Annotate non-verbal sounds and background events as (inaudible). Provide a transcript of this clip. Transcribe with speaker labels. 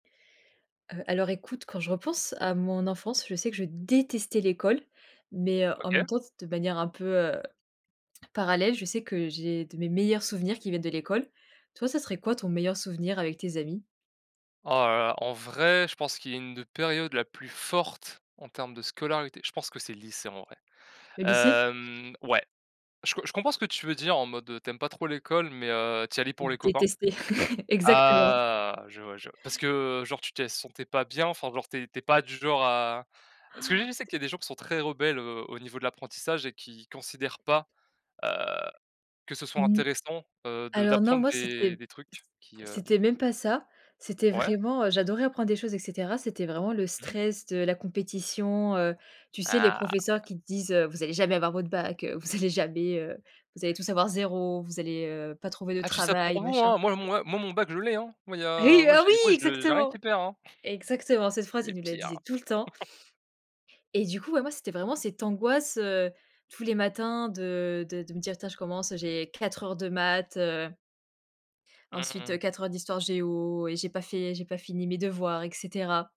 Speaker 1: Heu, alors, écoute, quand je repense à mon enfance, je sais que je détestais l'école. Mais heu, en même
Speaker 2: OK.
Speaker 1: temps, de s manière un peu, heu, parallèle, je sais que j'ai de mes meilleurs souvenirs qui viennent de l'école. Toi, ça serait quoi ton meilleur souvenir avec tes amis?
Speaker 2: Oh là là, en vrai, je pense qu'il y a d une période la plus forte en termes de scolarité, je pense que c'est le lycée, en vrai.
Speaker 1: Le lycée?
Speaker 2: Hem, ouais. Je co je comprends ce que tu veux dire en mode, heu, tu aimes pas trop l'école mais, heu, tu y allais pour les copains
Speaker 1: Détester, (laughs) exactement!
Speaker 2: ah! je vois,
Speaker 1: (laughs)
Speaker 2: je vois. Parce que genre tu tè sentais pas bien enfin genre tu es tu es pas du genre à ce que je dis je
Speaker 1: (gasps)
Speaker 2: sais
Speaker 1: T
Speaker 2: qu'il y a des gens qui sont très rebelles, heu, au niveau de l'apprentissage et qui considèrent pas, heu, que ce soit
Speaker 1: Mmh.
Speaker 2: intéressant, heu, de
Speaker 1: Alors non,
Speaker 2: d'apprendre
Speaker 1: moi, c'était
Speaker 2: des des
Speaker 1: c
Speaker 2: trucs qui, heu
Speaker 1: c'était même pas ça. C'était
Speaker 2: Ouais.
Speaker 1: vraiment, heu, j'adorais apprendre des choses et cetera. C'était vraiment le
Speaker 2: Mmh mh.
Speaker 1: stress de la compétition, heu, tu sais, les
Speaker 2: Ah ouais!
Speaker 1: professeurs qui te disent: «Heu vous allez jamais avoir votre bac. Heu, vous allez jamais, heu vous allez tous avoir 0. Vous allez, heu, pas trouver de
Speaker 2: «Ah je dis ça
Speaker 1: travail»,
Speaker 2: pour vous,
Speaker 1: machin.
Speaker 2: hein! Moi, moi, moi, mon bac je l'ai, hein, moi, il y a
Speaker 1: Hey!
Speaker 2: moi,
Speaker 1: Oh
Speaker 2: j'ai,
Speaker 1: oui!
Speaker 2: moi, je j'ai rien
Speaker 1: Exactement!
Speaker 2: qui perd, hein!».
Speaker 1: Exactement, cette phrase, il
Speaker 2: Les
Speaker 1: nous la
Speaker 2: pires.
Speaker 1: disait tout le temps.
Speaker 2: (laughs)
Speaker 1: Et du coup, bah moi, c'était vraiment cette angoisse, heu, tous les matins de de de me dire: «Tiens, je commence, j'ai 4 heures de maths, heu»
Speaker 2: Mmh
Speaker 1: «ensuite, heu,
Speaker 2: mh.
Speaker 1: 4 heures d'histoire-géo et j'ai pas fait j'ai pas fini mes devoirs» et cetera.